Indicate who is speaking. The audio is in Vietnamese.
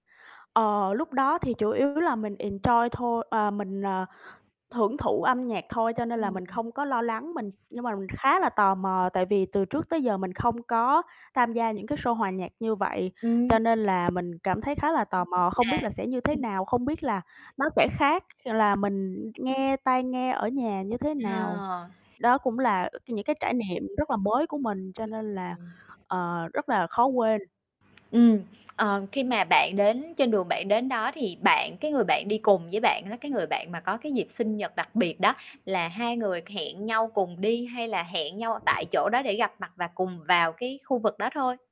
Speaker 1: Ờ, lúc đó thì chủ yếu là mình enjoy thôi. Ờ, mình, ờ, hưởng thụ âm nhạc thôi, cho nên là
Speaker 2: Ưm,
Speaker 1: mình
Speaker 2: ừm.
Speaker 1: không có lo lắng, mình nhưng mà mình khá là tò mò, tại vì từ trước tới giờ mình không có tham gia những cái show hòa nhạc như vậy,
Speaker 2: Ừm.
Speaker 1: cho nên là mình cảm thấy khá là tò mò, không
Speaker 2: À.
Speaker 1: biết là sẽ như thế
Speaker 2: Ừm.
Speaker 1: nào, không biết là nó sẽ khác là mình nghe tai nghe ở nhà như thế nào.
Speaker 2: À.
Speaker 1: Đó cũng là, ơ, những cái trải niệm rất là mới của mình, cho
Speaker 2: Ừm,
Speaker 1: nên là,
Speaker 2: ừm.
Speaker 1: ờ, rất là khó quên.
Speaker 2: Ừm, ờ, khi mà bạn đến trên đường bạn đến đó thì bạn cái người bạn đi cùng với bạn á, cái người bạn mà có cái dịp sinh nhật đặc biệt đó, là hai người hẹn nhau cùng đi hay là hẹn nhau tại chỗ đó để gặp mặt và cùng vào cái khu vực đó thôi.